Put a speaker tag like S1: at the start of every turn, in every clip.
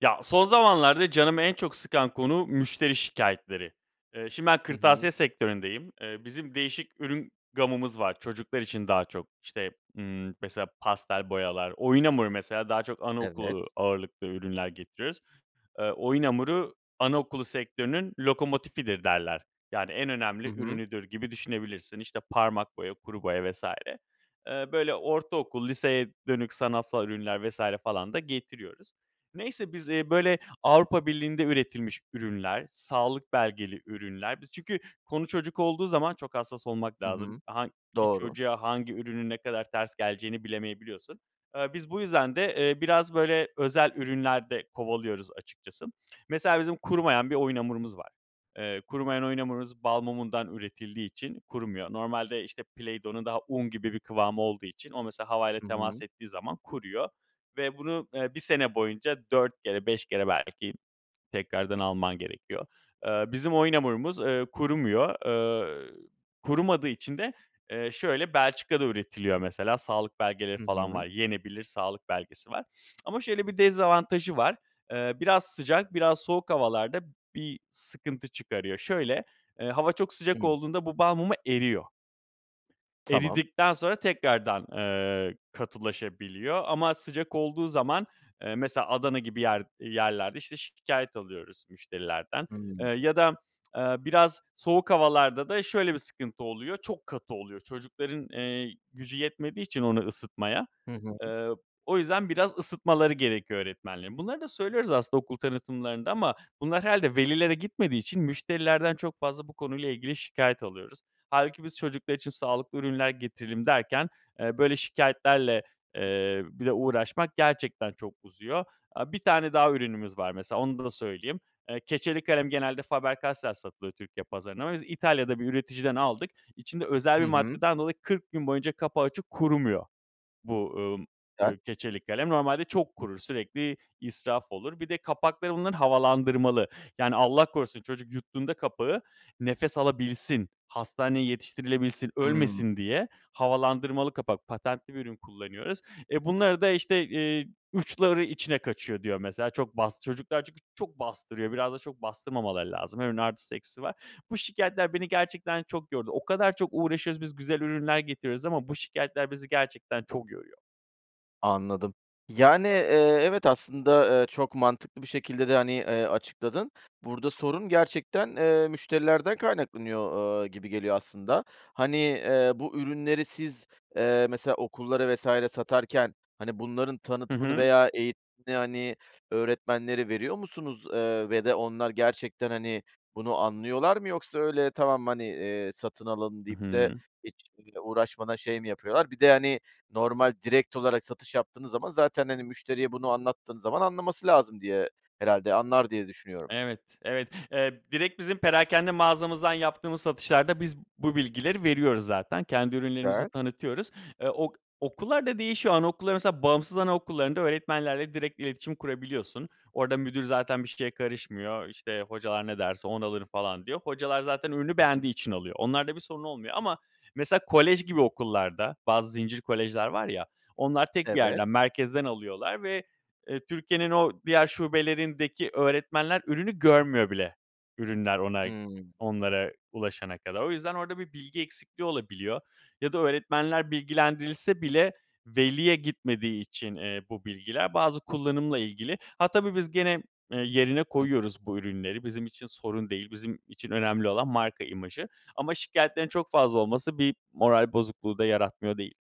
S1: Ya, son zamanlarda canımı en çok sıkan konu: müşteri şikâyetleri. Eee, şimdi ben
S2: Hı hı.
S1: kırtasiye sektöründeyim. Eee, bizim değişik ürün gamımız var. Çocuklar için daha çok. İşte, ımm, mesela pastel boyalar, oyun hamuru mesela daha çok
S2: Evet.
S1: anaokulu ağırlıklı ürünler getiriyoruz. Eee, oyun hamuru, anaokulu sektörünün lokomotifidir derler. Yani, en
S2: Hı
S1: önemli
S2: hı.
S1: ürünüdür gibi düşünebilirsin. İşte, parmak boya, kuru boya vs. Eee, böyle, ortaokul, liseye dönük sanatsal ürünler vs. falan da getiriyoruz. Neyse biz, eee, böyle Avrupa Birliği'nde üretilmiş ürünler, sağlık belgeli ürünler, biz çünkü konu çocuk olduğu zaman çok hassas olmak
S2: Hı
S1: lazım.
S2: hı.
S1: Hangi
S2: Doğru.
S1: çocuğa, hangi ürünün ne kadar ters geleceğini bilemeyebiliyorsun. Eee, biz bu yüzden de, eee, biraz, böyle, özel ürünler de kovalıyoruz açıkçası. Mesela bizim kurumayan bir oyun hamurumuz var. Eee, kurumayan oyun hamurumuz balmumundan üretildiği için kurumuyor. Normalde işte Play Dough'un daha un gibi bir kıvamı olduğu için o mesela havayla
S2: Hı
S1: temas
S2: hı.
S1: ettiği zaman kuruyor ve bunu, eee, 1 sene boyunca 4 kere, 5 kere belki tekrardan alman gerekiyor. Eee, bizim oyun hamurumuz, eee, kurumuyor. Eee, kurumadığı için de, eee, şöyle, Belçika'da üretiliyor mesela, sağlık belgeleri
S2: Hı
S1: falan var.
S2: hı.
S1: Yenebilir sağlık belgesi var ama şöyle bir dezavantajı var. Eee, biraz sıcak, biraz soğuk havalarda bir sıkıntı çıkarıyor. Şöyle, eee, hava çok
S2: Hı.
S1: sıcak olduğunda bu balmumu eriyor.
S2: Tamam.
S1: Eridikten sonra tekrardan, eee, katılaşabiliyor ama sıcak olduğu zaman, eee, mesela Adana gibi yer yerlerde, işte, şikâyet alıyoruz müşterilerden. Eee,
S2: Hıı.
S1: ya da, eee, biraz soğuk havalarda da şöyle bir sıkıntı oluyor. Çok katı oluyor. Çocukların, eee, gücü yetmediği için onu ısıtmaya.
S2: Hı hı.
S1: Eee, o yüzden biraz ısıtmaları gerekiyor öğretmenlerin. Bunları da söylüyoruz aslında okul tanıtımlarında ama bunlar herhâlde velilere gitmediği için müşterilerden çok fazla bu konuyla ilgili şikâyet alıyoruz. Hâlbuki biz çocuklar için sağlıklı ürünler getirelim derken, eee, böyle şikâyetlerle, eee, bir de uğraşmak gerçekten çok uzuyor. Aaa, 1 tane daha ürünümüz var mesela onu da da söyleyeyim. Eee, keçeli kalem genelde Faber Castell satılıyor Türkiye pazarına. Biz İtalya'da bir üreticiden aldık, içinde özel
S2: Hı
S1: bir
S2: hı.
S1: maddeden dolayı 40 gün boyunca kapağı açık kurumuyor. Bu, ımm,
S2: [unintelligible]
S1: ııı, keçeli kalem. Normalde çok kurur, sürekli israf olur. Bir de kapakları bunların havalandırmalı, yani Allah korusun çocuk yuttuğunda kapağı nefes alabilsin, hastaneye yetiştirilebilsin,
S2: Hıı.
S1: ölmesin diye havalandırmalı kapak, patentli bir ürün kullanıyoruz. Eee, bunları da, işte, eee, "Uçları içine kaçıyor." diyor mesela. Çok bast çocuklar çünkü çok bastırıyor, biraz da çok bastırmamaları lazım. Her ürünün artısı eksisi var. Bu şikâyetler beni gerçekten çok yordu. O kadar çok uğraşıyoruz, biz güzel ürünler getiriyoruz ama bu şikâyetler bizi gerçekten çok yoruyor.
S2: Anladım. Yani, eee, evet aslında, eee, çok mantıklı bir şekilde de, hani, eee, açıkladın. Burada sorun gerçekten, eee, müşterilerden kaynaklanıyor, ııı, gibi geliyor aslında. Hani, eee, bu ürünleri siz, eee, mesela okullara vs. satarken, hani, bunların
S1: Hı
S2: tanıtımını
S1: hı.
S2: veya eğitimini, hani, öğretmenlere veriyor musunuz? Eee, ve de onlar gerçekten, hani, bunu anlıyorlar mı? Yoksa öyle tamam, hani, eee, satın alalım
S1: Hı
S2: deyip de
S1: hı.
S2: hiç bir [unintelligible] uğraşmadan şey mi yapıyorlar? Bir de, hani, normal direkt olarak satış yaptığınız zaman zaten, hani, müşteriye bunu anlattığın zaman anlaması lazım diye, herhâlde anlar diye düşünüyorum.
S1: Evet, evet, eee, direkt bizim perakende mağazamızdan yaptığımız satışlarda biz bu bilgileri veriyoruz zaten. Kendi ürünlerimizi
S2: [unintelligible]
S1: tanıtıyoruz. Eee, ok okullarda değişiyor anaokulların mesela bağımsız anaokullarında öğretmenlerle direkt iletişim kurabiliyorsun. Orada müdür zaten bir şeye karışmıyor, işte, hocalar ne derse onu alırım falan diyor. Hocalar zaten ürünü
S2: Hı hı.
S1: beğendiği için alıyor. Onlar da bir sorun olmuyor ama mesela kolej gibi okullarda bazı zincir kolejler var ya, onlar tek 1
S2: Evet.
S1: yerden merkezden alıyorlar ve, eee, Türkiye'nin o diğer şubelerindeki öğretmenler ürünü görmüyor bile ürünler ona,
S2: Hıı.
S1: onlara ulaşana kadar. O yüzden orada bir bilgi eksikliği olabiliyor ya da öğretmenler bilgilendirilse bile veliye gitmediği için, eee, bu bilgiler bazı kullanımla ilgili. Ha, tabii biz gene, ııı, yerine
S2: Hı.
S1: koyuyoruz bu ürünleri. Bizim için sorun değil. Bizim için önemli olan marka imajı ama şikâyetlerin çok fazla olması bir moral bozukluğu da yaratmıyor değil.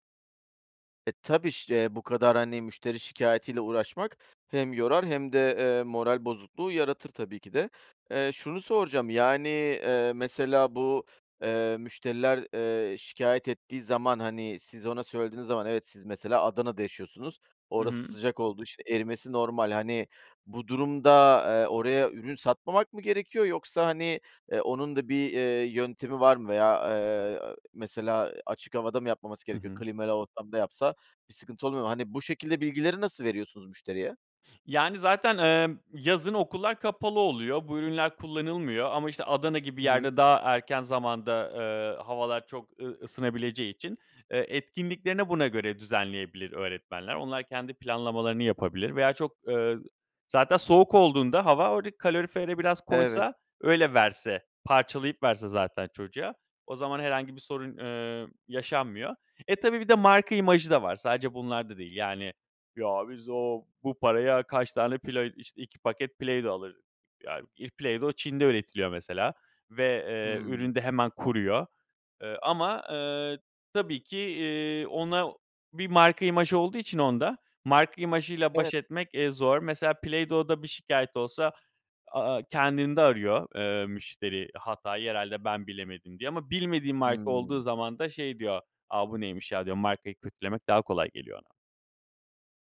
S2: E, tabii. Şi bu kadar, hani, müşteri şikâyetiyle uğraşmak hem yorar hem de, ııı, moral bozukluğu yaratır tabii ki de. Eee, şunu soracağım: Yani, ııı, mesela bu, ııı, müşteriler, ııı, şikâyet ettiği zaman, hani, siz ona söylediğiniz zaman, evet, siz mesela Adana'da yaşıyorsunuz,
S1: Hı
S2: orası
S1: hı.
S2: sıcak oldu, işte, erimesi normal. Hani, bu durumda, aaa, oraya ürün satmamak mı gerekiyor yoksa, hani, eee, onun da bir, ııı, yöntemi var mı veya, eee, mesela açık havada mı yapmaması
S1: Hı
S2: gerekiyor?
S1: hı.
S2: Klimalı ortamda yapsa bir sıkıntı oluyor mu? Hani, bu şekilde bilgileri nasıl veriyorsunuz müşteriye?
S1: Yani zaten, ımm, yazın okullar kapalı oluyor. Bu ürünler kullanılmıyor. Ama, işte, Adana gibi
S2: Hı hı.
S1: yerde daha erken zamanda, ııı, havalar çok ı ısınabileceği için, ııı, etkinliklerini buna göre düzenleyebilir öğretmenler. Onlar kendi planlamalarını yapabilir veya çok, ııı, zaten soğuk olduğunda hava, oradaki kalorifere biraz
S2: Eve
S1: koysa, öyle verse, parçalayıp verse zaten çocuğa, o zaman herhangi bir sorun, ııı, yaşanmıyor. E, tabii, bir de marka imajı da var, sadece bunlar da değil. Yani, "Ya, biz o bu paraya kaç tane Play işte, 2 paket Play-Dough alır" yani. İh Play-Dough Çin'de üretiliyor mesela ve, eee,
S2: Hımm.
S1: ürün de hemen kuruyor. Iıı, ama, ııı, tabii ki, iii, ona bir marka imajı olduğu için, onda, marka imajıyla
S2: Evet.
S1: baş etmek, eee, zor. Mesela Play-Dough'da bir şikâyet olsa, a aaa, kendinde arıyor, ııı, müşteri hatayı. "Herhâlde ben bilemedim." diye. Ama bilmediği marka olduğu
S2: Hımm.
S1: zaman da şey diyor: "A, bu neymiş ya?" diyor. Markayı kötülemek daha kolay geliyor ona.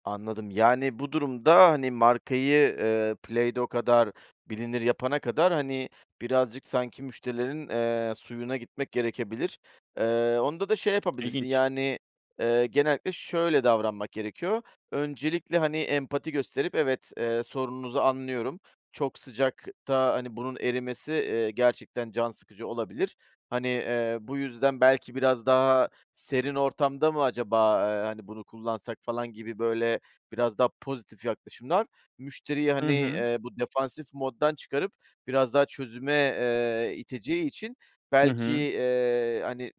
S2: Anladım, yani, bu durumda, hani, markayı, ııı, Play-Dough kadar bilinir yapana kadar, hani, birazcık sanki müşterilerin, eee, suyuna gitmek gerekebilir. Iıı, onda da şey yapabilirsin:
S1: İlginç.
S2: Yani, ııı, genellikle şöyle davranmak gerekiyor. Öncelikle, hani, empati gösterip, evet, ııı, sorununuzu anlıyorum, çok sıcakta, hani, bunun erimesi, eee, gerçekten can sıkıcı olabilir. Hani, ııı, bu yüzden belki biraz daha serin ortamda mı acaba, ııı, hani, bunu kullansak falan gibi böyle biraz daha pozitif yaklaşımlar, müşteriyi,
S1: Hı
S2: hani,
S1: hı.
S2: eee, bu defansif moddan çıkarıp biraz daha çözüme, eee, iteceği için
S1: Hı
S2: belki,
S1: hı.
S2: eee, hani,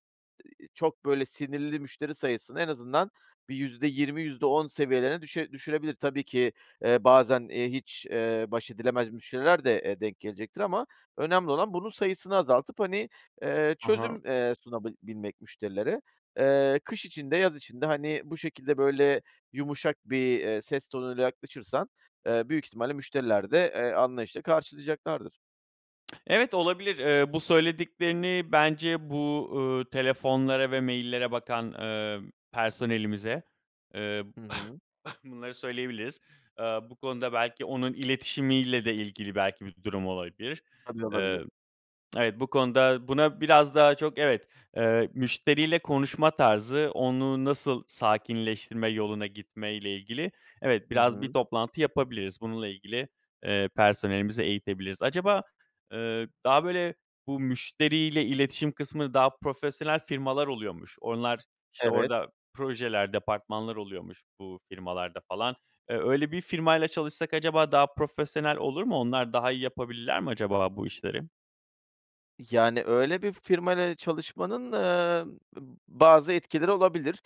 S2: iii, çok böyle sinirli müşteri sayısını en azından bir %20- %10 seviyelerine düşe düşürebilir. Tabii ki, eee, bazen, iii, hiç, eee, baş edilemez müşteriler de, eee, denk gelecektir. Ama önemli olan bunun sayısını azaltıp, hani, eee,
S1: Ha ha.
S2: çözüm, eee, sunabil bilmek müşterilere. Iıı, kış için de, yaz için de, hani, bu şekilde böyle yumuşak bir, eee, ses tonuyla yaklaşırsan, eee, büyük ihtimalle müşteriler de, eee, anlayışla karşılayacaklardır.
S1: Evet, olabilir. Eee, bu söylediklerini bence bu, ııı, telefonlara ve mail'lere bakan, ııı, personelimize, eee,
S2: Hı hı.
S1: bunları söyleyebiliriz. Eee, bu konuda belki onun iletişimiyle de ilgili belki bir durum olabilir.
S2: Tabii olabilir.
S1: Eee, evet, bu konuda buna biraz daha çok evet, eee, müşteriyle konuşma tarzı, onu nasıl sakinleştirme yoluna gitme ile ilgili, evet,
S2: Hı
S1: biraz bir
S2: hı.
S1: toplantı yapabiliriz, bununla ilgili, eee, personelimizi eğitebiliriz. Acaba, eee, daha böyle, bu müşteriyle iletişim kısmı, daha profesyonel firmalar oluyormuş. Onlar, işte
S2: Evet.
S1: orada projeler, departmanlar oluyormuş bu firmalarda falan. Eee, öyle bir firmayla çalışsak acaba daha profesyonel olur mu? Onlar daha iyi yapabilirler mi acaba bu işleri?
S2: Yani, öyle bir firmayla çalışmanın, eee, b bazı etkileri olabilir.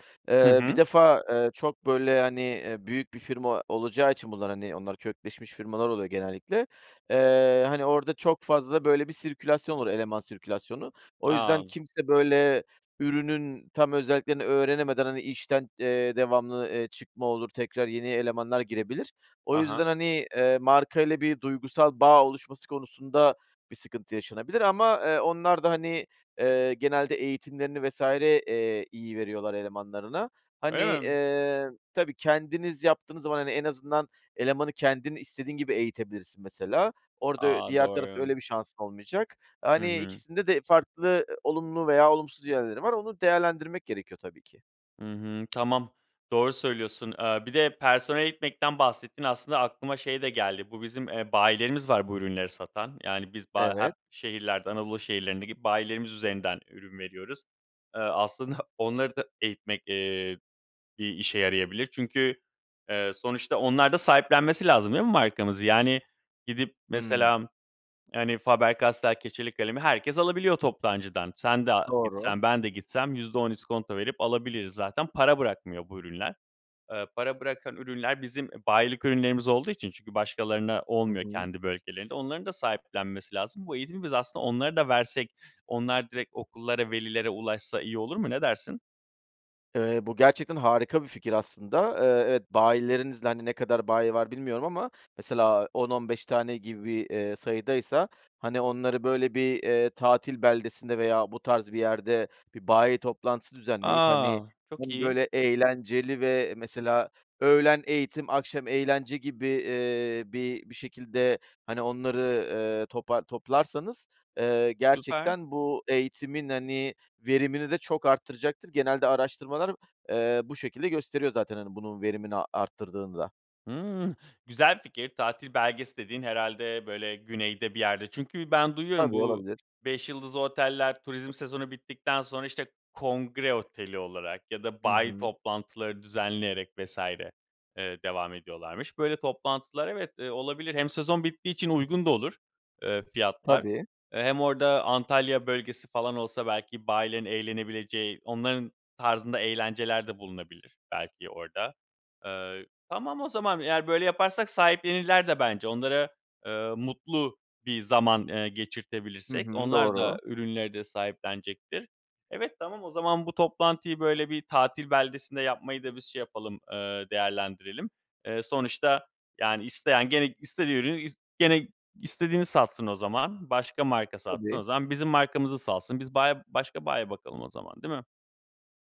S1: Hı
S2: Eee, bir
S1: hı.
S2: defa, eee, çok böyle, hani, eee, büyük bir firma olacağı için bunlar, hani, onlar kökleşmiş firmalar oluyor genellikle. Eee, hani, orada çok fazla böyle bir sirkülasyon olur, eleman sirkülasyonu. O yüzden,
S1: A.
S2: kimse böyle ürünün tam özelliklerini öğrenemeden, hani, işten, eee, devamlı, eee, çıkma olur, tekrar yeni elemanlar girebilir. O
S1: A
S2: yüzden,
S1: ha.
S2: hani, eee, markayla bir duygusal bağ oluşması konusunda bir sıkıntı yaşanabilir ama, eee, onlar da, hani, eee, genelde eğitimlerini vs. eee, iyi veriyorlar elemanlarına. Hani,
S1: Öyle mi?
S2: eee, tabii kendiniz yaptığınız zaman, hani, en azından elemanı kendin, istediğin gibi eğitebilirsin mesela. Orada ö
S1: A,
S2: diğer tarafta
S1: doğru.
S2: öyle bir şansın olmayacak.
S1: Hı
S2: Hani,
S1: hı.
S2: ikisinde de farklı, ııı, olumlu veya olumsuz yerleri var, onu değerlendirmek gerekiyor tabii ki.
S1: Hı hı. Tamam doğru söylüyorsun. Eee, bir de, personel eğitmekten bahsettin. Aslında aklıma şey de geldi. Bu bizim, eee, bayilerimiz var bu ürünleri satan. Yani, biz ba hep
S2: Evet.
S1: şehirlerden, Anadolu şehirlerindeki bayilerimiz üzerinden ürün veriyoruz. Eee, aslında onları da eğitmek, eee, bir işe yarayabilir. Çünkü, eee, sonuçta onlar da sahiplenmesi lazım değil mi markamızı? Yani, gidip,
S2: Hımm.
S1: mesela, yani, Faber Castell keçeli kalemi herkes alabiliyor toptancıdan. Sen de a
S2: Doğru.
S1: gitsen, ben de gitsem %10 iskonto verip alabiliriz zaten, para bırakmıyor bu ürünler. Eee, para bırakan ürünler, bizim bayilik ürünlerimiz olduğu için çünkü başkalarına
S2: Hı
S1: olmuyor
S2: hı.
S1: kendi bölgelerinde, onların da sahiplenmesi lazım. Bu eğitimi biz aslında onları da versek onlar direkt okullara, velilere ulaşsa iyi olur mu? Ne dersin?
S2: Eee, bu gerçekten harika bir fikir aslında. Eee, evet bayilerinizle Hani, ne kadar bayi var bilmiyorum ama mesela, 10-15 tane gibi, eee, sayıdaysa, hani, onları böyle bir, eee, tatil beldesinde veya bu tarz bir yerde bir bayi toplantısı düzenleyip, hani,
S1: A, çok
S2: hem
S1: iyi!
S2: böyle eğlenceli; ve mesela öğlen eğitim, akşam eğlence gibi, eee, bir bir şekilde, hani, onları, eee, topa toplarsanız, eee,
S1: Süper.
S2: gerçekten bu eğitimin, hani, verimini de çok arttıracaktır. Genelde araştırmalar, eee, bu şekilde gösteriyor zaten, hani, bunun verimini arttırdığını da.
S1: Hımm, güzel fikir. Tatil beldesi dediğin herhâlde böyle güneyde bir yerde. Çünkü ben duyuyorum
S2: Tabii
S1: bu
S2: olabilir.
S1: 5 yıldızlı oteller turizm sezonu bittikten sonra, işte, kongre oteli olarak ya da
S2: Hı
S1: bayi
S2: hı.
S1: toplantıları düzenleyerek vs. eee, devam ediyorlarmış. Böyle toplantılar evet, eee, olabilir. Hem sezon bittiği için uygun da olur, eee, fiyatlar.
S2: Tabii.
S1: Eee, hem orada Antalya bölgesi falan olsa belki bayilerin eğlenebileceği, onların tarzında eğlenceler de bulunabilir belki orada. Eee, tamam o zaman, yani, böyle yaparsak sahiplenirler de bence onlara, eee, mutlu bir zaman, eee,
S2: Hı
S1: geçirtebilirsek
S2: hı.
S1: onlar da
S2: Doğru.
S1: ürünleri de sahiplenecektir. Evet, tamam o zaman bu toplantıyı böyle bir tatil beldesinde yapmayı da biz şey yapalım, eee, değerlendirelim. Eee, sonuçta, yani, isteyen gene istediği ürünü ist gene istediğini satsın o zaman, başka marka satsın o
S2: Tabii.
S1: zaman. Bizim markamızı satsın, biz bayi, başka bayi bakalım o zaman, değil mi?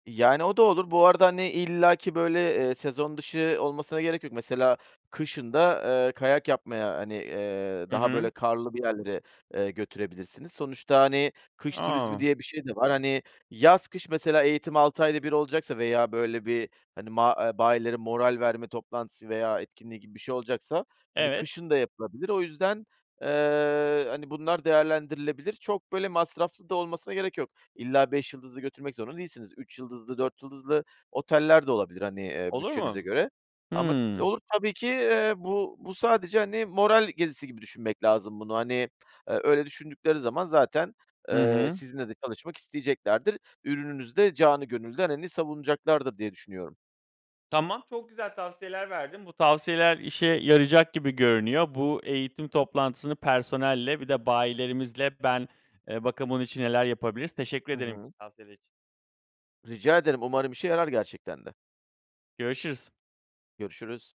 S2: Yani, o da olur. Bu arada, hani, illaki böyle, eee, sezon dışı olmasına gerek yok. Mesela kışın da, eee, kayak yapmaya, hani, eee,
S1: Hı
S2: daha,
S1: hı.
S2: böyle, karlı bir yerlere, eee, götürebilirsiniz. Sonuçta, hani, kış turizmi
S1: A!
S2: diye bir şey de var. Hani, yaz kış mesela eğitim 6 ayda 1 olacaksa veya böyle bir, hani, ma bayileri moral verme toplantısı veya etkinliği gibi bir şey olacaksa, hani,
S1: Evet.
S2: kışın da yapılabilir. O yüzden, eee, hani, bunlar değerlendirilebilir. Çok, böyle, masraflı da olmasına gerek yok. İlla 5 yıldızlı götürmek zorunda değilsiniz. 3 yıldızlı 4 yıldızlı oteller de olabilir, hani, eee,
S1: Olur
S2: bütçenize
S1: mu?
S2: göre ama t
S1: Hımm.
S2: olur tabii ki, eee, bu bu sadece, hani, moral gezisi gibi düşünmek lazım bunu. Hani, öyle düşündükleri zaman zaten,
S1: Hı
S2: eee,
S1: hı.
S2: sizinle de çalışmak isteyeceklerdir. Ürününüzü de canı gönülden, hani, savunacaklardır diye düşünüyorum.
S1: Tamam, çok güzel tavsiyeler verdin. Bu tavsiyeler işe yarayacak gibi görünüyor. Bu eğitim toplantısını personelle bir de bayilerimizle Ben, eee, bakayım bunun için neler yapabiliriz? Teşekkür
S2: Hı
S1: ederim
S2: hı.
S1: tavsiyeler için.
S2: Rica ederim, umarım işe yarar gerçekten de.
S1: Görüşürüz.
S2: Görüşürüz.